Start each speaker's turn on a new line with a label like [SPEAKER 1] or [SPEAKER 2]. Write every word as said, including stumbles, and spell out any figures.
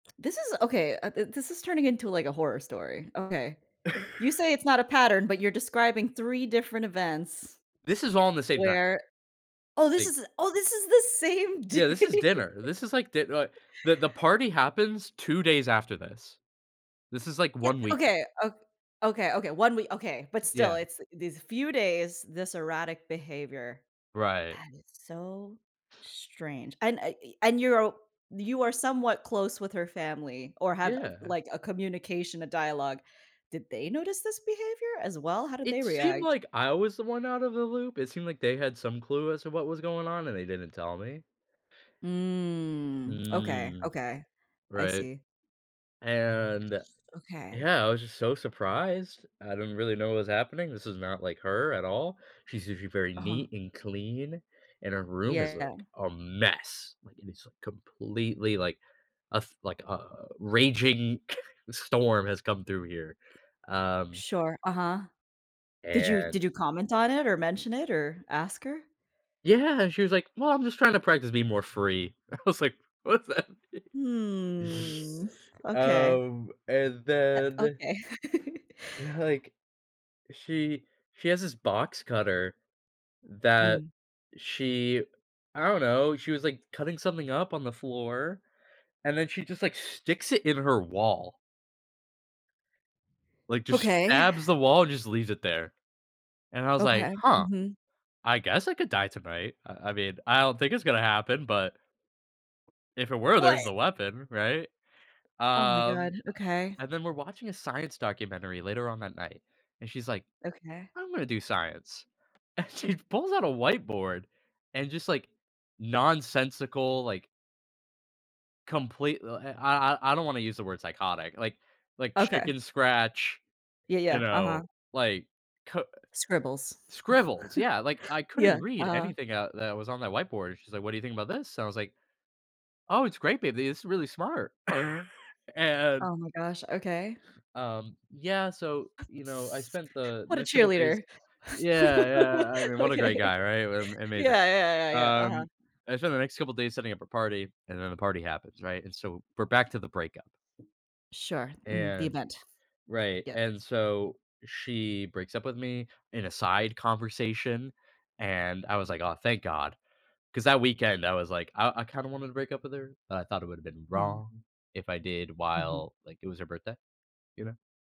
[SPEAKER 1] This is okay, uh, this is turning into, like, a horror story. Okay. You say it's not a pattern, but you're describing three different events
[SPEAKER 2] This is all in the same night
[SPEAKER 1] where oh, this
[SPEAKER 2] Like
[SPEAKER 1] is oh, this is the same
[SPEAKER 2] Yeah, this is
[SPEAKER 1] day.
[SPEAKER 2] dinner. This is, like, di like, the the party happens two days after this. This is, like,
[SPEAKER 1] Ye
[SPEAKER 2] one weekend.
[SPEAKER 1] okay. O okay, Okay, one wee okay, but still,
[SPEAKER 2] Yeah.
[SPEAKER 1] it's these few days, this erratic behavior.
[SPEAKER 2] Right.
[SPEAKER 1] That is so strange, and, I eh, and you're o you are somewhat close with her family or have,
[SPEAKER 2] Yeah.
[SPEAKER 1] like, a communication, a dialogue did they notice this behavior, as well? How did
[SPEAKER 2] It
[SPEAKER 1] they
[SPEAKER 2] seemed
[SPEAKER 1] react?
[SPEAKER 2] like I was the one outta the loop. It seemed like they had some clue as to what was going on, and they didn't tell me.
[SPEAKER 1] Mm. Okay,
[SPEAKER 2] Mm.
[SPEAKER 1] okay, I
[SPEAKER 2] Right,
[SPEAKER 1] see.
[SPEAKER 2] and
[SPEAKER 1] Okay.
[SPEAKER 2] yeah, I was just so surprised. I didn't really know what was happening. This is not like her at all. She's usually very
[SPEAKER 1] Uh-huh.
[SPEAKER 2] neat and clean, and her room is a
[SPEAKER 1] Yeah.
[SPEAKER 2] a mess, like, it is completely, like, a f like, a raging storm has come through here, um
[SPEAKER 1] Sure, uh-huh. Did you
[SPEAKER 2] And
[SPEAKER 1] did you comment on it, or mention it, or ask her?
[SPEAKER 2] Yeah, and she was like, "Well, I'm just trying to practice being more free." I was like, "What's that mean?"
[SPEAKER 1] Hmm. Okay.
[SPEAKER 2] Um, and
[SPEAKER 1] Eh,
[SPEAKER 2] then
[SPEAKER 1] okay.
[SPEAKER 2] like, she she has this box cutter that
[SPEAKER 1] Mm.
[SPEAKER 2] she I don't know, she was, like, cutting something up on the floor, and then she just, like, sticks it in her wall. Like, just
[SPEAKER 1] Okay.
[SPEAKER 2] stabs the wall and just leaves it there, and I was like,
[SPEAKER 1] Okay,
[SPEAKER 2] "Huh,
[SPEAKER 1] mhm.
[SPEAKER 2] I guess I could die tonight. I I mean, I don't think it's gonna happen, but" "if it were,
[SPEAKER 1] What?
[SPEAKER 2] there's the weapon," right?
[SPEAKER 1] Oh, my god.
[SPEAKER 2] Um,
[SPEAKER 1] Okay.
[SPEAKER 2] and then we're watching a science documentary later on that night, and she's like,
[SPEAKER 1] Okay.
[SPEAKER 2] "I'm gonna do science," and she pulls out a whiteboard and just, like, nonsensical, like complete li l I I I don't wanna use the word psychotic, like like,
[SPEAKER 1] Okay.
[SPEAKER 2] chicken scratch,
[SPEAKER 1] Yeah,
[SPEAKER 2] you
[SPEAKER 1] yeah.
[SPEAKER 2] know,
[SPEAKER 1] Uh-huh.
[SPEAKER 2] like, k
[SPEAKER 1] Scribbles.
[SPEAKER 2] scribbles. Yeah, like, I
[SPEAKER 1] Yeah.
[SPEAKER 2] couldn't read
[SPEAKER 1] Uh-huh.
[SPEAKER 2] anything out that was on that whiteboard. She's like, "What do think about this?" So I was like, "Oh, it's great, baby. This is really smart." And
[SPEAKER 1] Oh, my gosh. Okay.
[SPEAKER 2] Um, yeah, so, you know, I spent the
[SPEAKER 1] What a
[SPEAKER 2] next couple days
[SPEAKER 1] cheerleader.
[SPEAKER 2] yeah, yeah, I mean, what a great
[SPEAKER 1] Okay.
[SPEAKER 2] guy, right? Am amazing.
[SPEAKER 1] Yeah, yeah, yeah, yeah. Uh-huh.
[SPEAKER 2] Um, I spent the next couple days setting up a party, and then the party happens, right, and so we're back to the breakup,
[SPEAKER 1] Sure, mhm, the
[SPEAKER 2] and
[SPEAKER 1] event.
[SPEAKER 2] right,
[SPEAKER 1] Yep.
[SPEAKER 2] and so, she breaks up with me, in a side conversation, and I was like, "Aw, thank god," 'cause that weekend, I was like, I I kinda wanted to break up with her, but I thought it would have been
[SPEAKER 1] Hmm.
[SPEAKER 2] wrong if I did
[SPEAKER 1] Mhm.
[SPEAKER 2] while, like, it was her birthday, you know?